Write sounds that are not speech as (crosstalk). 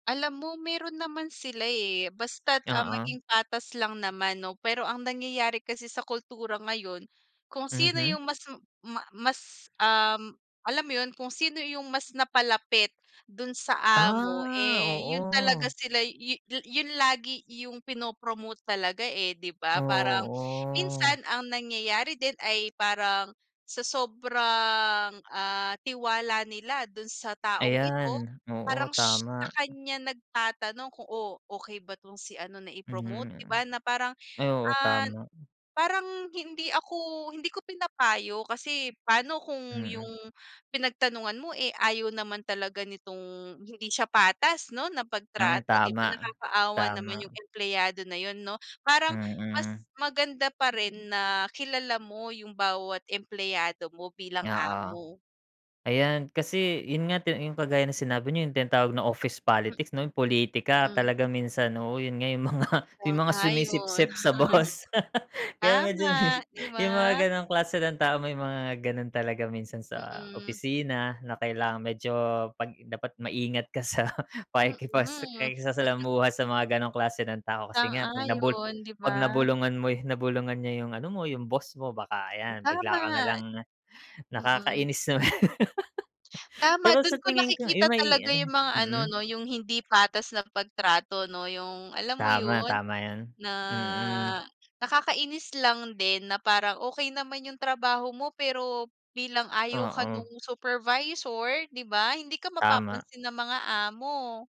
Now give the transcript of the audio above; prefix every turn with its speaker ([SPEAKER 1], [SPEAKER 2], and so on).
[SPEAKER 1] Alam mo meron naman sila, eh, basta't, ah,
[SPEAKER 2] Oo.
[SPEAKER 1] maging patas lang naman no. Pero ang nangyayari kasi sa kultura ngayon, kung sino
[SPEAKER 2] Mhm.
[SPEAKER 1] yung mas ma mas, um, alam mo yun kung sino yung mas napa-lapit dun sa amo,
[SPEAKER 2] Ah,
[SPEAKER 1] eh, yun talaga
[SPEAKER 2] oo.
[SPEAKER 1] sila yun yun lagi yung pinopromote talaga, eh, di ba? Parang,
[SPEAKER 2] Oo.
[SPEAKER 1] minsan ang nangyayari din ay parang sa sobrang, ah, tiwala nila dun sa taong ito,
[SPEAKER 2] Ayan, oo,
[SPEAKER 1] parang sh sa
[SPEAKER 2] tama.
[SPEAKER 1] kanya nag-tatanong kung oo okay ba tong si ano na promote di
[SPEAKER 2] Mhm,
[SPEAKER 1] ba? Na parang,
[SPEAKER 2] ay oo
[SPEAKER 1] ah,
[SPEAKER 2] tama.
[SPEAKER 1] parang hindi ako, hindi ko pinapayo kasi pano kung
[SPEAKER 2] Mm.
[SPEAKER 1] yung pinag-tanungan mo, eh, ayaw naman talaga nitong, hindi siya patas no na
[SPEAKER 2] Hmm,
[SPEAKER 1] pag-trato di ba
[SPEAKER 2] tama.
[SPEAKER 1] nakakaawa naman yung
[SPEAKER 2] Tama.
[SPEAKER 1] empleyado na yun no? Parang mas
[SPEAKER 2] Hmm.
[SPEAKER 1] maganda pa rin na kilala mo yung bawat empleyado mo bilang
[SPEAKER 2] Oo.
[SPEAKER 1] amo.
[SPEAKER 2] Ayan kasi, yun nga yung kagaya ng sinabi niyo yung tawag ng office
[SPEAKER 1] Mhm,
[SPEAKER 2] politics no politika
[SPEAKER 1] mm.
[SPEAKER 2] talaga minsan oo yun nga yung mga yung mga
[SPEAKER 1] Sang-ayon.
[SPEAKER 2] sumisipsip sa boss.
[SPEAKER 1] (chuckles)
[SPEAKER 2] Kaya medyo
[SPEAKER 1] Tama, di
[SPEAKER 2] yung mga
[SPEAKER 1] ba?
[SPEAKER 2] ganong klase ng tao may mga ganon talaga minsan sa
[SPEAKER 1] Mm.
[SPEAKER 2] opisina na kailangan medyo pag dapat maingat ka sa pakikipas
[SPEAKER 1] Mm. (chuckles)
[SPEAKER 2] pakikisalamuha sa mga ganong klase ng tao kasi nga pag na bulu
[SPEAKER 1] Sang-ayon di ba?
[SPEAKER 2] pag-na-bulungan mo na-bulungan niya yung ano mo yung boss mo baka
[SPEAKER 1] Hmm,
[SPEAKER 2] ay bigla ka
[SPEAKER 1] tama.
[SPEAKER 2] nalang,
[SPEAKER 1] Mm.
[SPEAKER 2] nakakainis naman.
[SPEAKER 1] Tama
[SPEAKER 2] Pero
[SPEAKER 1] dun
[SPEAKER 2] sa
[SPEAKER 1] ko
[SPEAKER 2] tingin ko
[SPEAKER 1] nakikita
[SPEAKER 2] yung may
[SPEAKER 1] talaga yung mga ano
[SPEAKER 2] mm.
[SPEAKER 1] no yung hindi patas na pag-trato no, yung alam mo
[SPEAKER 2] Tama,
[SPEAKER 1] yun?
[SPEAKER 2] tama yun,
[SPEAKER 1] Na
[SPEAKER 2] mm.
[SPEAKER 1] nakakainis lang din na parang okey naman yung trabaho mo pero, bilang ayaw ka
[SPEAKER 2] Oo.
[SPEAKER 1] nung supervisor di ba? Hindi ka
[SPEAKER 2] Tama.
[SPEAKER 1] mapapansin ng mga amo.